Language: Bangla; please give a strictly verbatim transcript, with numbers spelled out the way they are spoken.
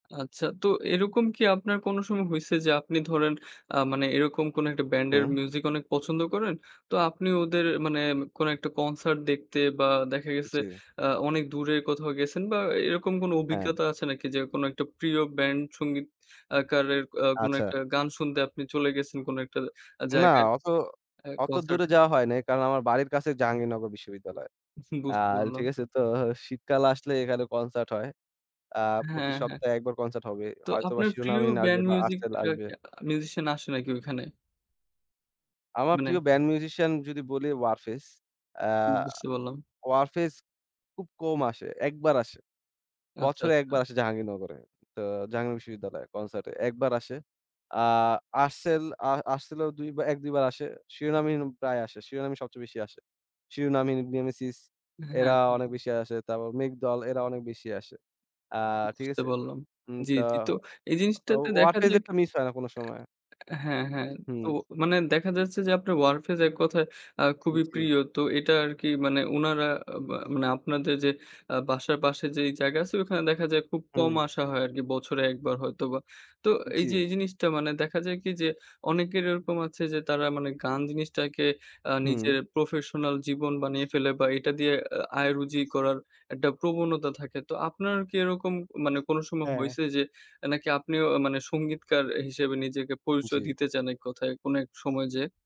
আচ্ছা, তো এরকম কি আপনার কোন সময় হইছে যে আপনি ধরেন আ মানে এরকম কোন একটা ব্যান্ডের হু। মিউজিক অনেক পছন্দ করেন। তো আপনি ওদের মানে কোন একটা কনসার্ট দেখতে বা দেখা গেছে জী। আ অনেক দূরে কোথাও গেছেন বা এরকম কোন হ্যাঁ। অভিজ্ঞতা আছে নাকি যে কোন একটা প্রিয় ব্যান্ড সংগীত আকারের আ কোনো আচ্ছা। একটা গান শুনতে আপনি চলে গেছেন কোন একটা আ না জায়গায় অত আ অত কনসার্ট দূরে এ? যাওয়া হয় নাই। কারণ আমার বাড়ির কাছে জাহাঙ্গীরনগর বিশ্ববিদ্যালয়। বুঝতে আর পারলাম। ঠিক আছে? তো শীতকাল আসলে এখানে কনসার্ট হয়। আ প্রতি হ্যাঁ, হ্যাঁ। সপ্তাহে একবার কনসার্ট হবে। তো হয়তোবা আপনার প্রিয় শিরোনামহীন আসবে ব্যান্ড বা মিউজিক Artcell এটা আসবে। কে আ মিউজিশিয়ান আসে নাকি ওইখানে? আমার মানে প্রিয় ব্যান্ড মিউজিশিয়ান যদি বলি Warfaze. আ বুঝতে পারলাম। Warfaze খুব কম আসে, এক বার আসে। আচ্ছা, বছরে এক বার আচ্ছা। আসে জাহাঙ্গীরনগরে। তো জাহাঙ্গীর বিশ্ববিদ্যালয়ে কনসার্টে এক বার আসে। আ Artcell আ Artcell ও দুই বা এক-দুই বার আসে। শিরোনামহীন প্রায় আসে। শিরোনামই সবচেয়ে বেশি আসে। শিরোনামহীন, Nemesis হ্যাঁ, এরা অনেক হ্যাঁ। বেশি আসে। তারপর মেঘদল এরা অনেক বেশি আসে। আ ঠিক বুঝতে আছে? পারলাম। হুম, জ্বি, তো জ্বি। তো এই জিনিসটাতে দেখা Warfaze যাক এরটা মিস হয় না কোন সময়। এ হ্যাঁ, হ্যাঁ। তো হু। মানে দেখা যাচ্ছে যে আপনার Warfaze এক কথায় আ উম খুবই জী। প্রিয়। তো এটা আরকি মানে উনারা মা মানে আপনাদের যে আ বাসার পাশে যে জায়গা আছে ওখানে দেখা যায় খুব কম হুম। আসা হয় আরকি। বছরে এক বার হয়তো বা। তো উম এই যে জ্বী। এই জিনিসটা মানে দেখা যায় কি যে অনেকের এরকম আছে যে তারা মানে গান জিনিসটাকে আ হুম। নিজের প্রফেশনাল জীবন বানিয়ে ফেলে বা এটা দিয়ে এ আয় রুজি করার একটা প্রবণতা থাকে। তো আপনার কি এরকম মানে কোন সময় হ্যাঁ হইছে যে নাকি আপনিও মানে সঙ্গীতকার হিসেবে নিজেকে পরিচয় জি। দিতে চান এক কথায় অনেক সময় যেয়ে?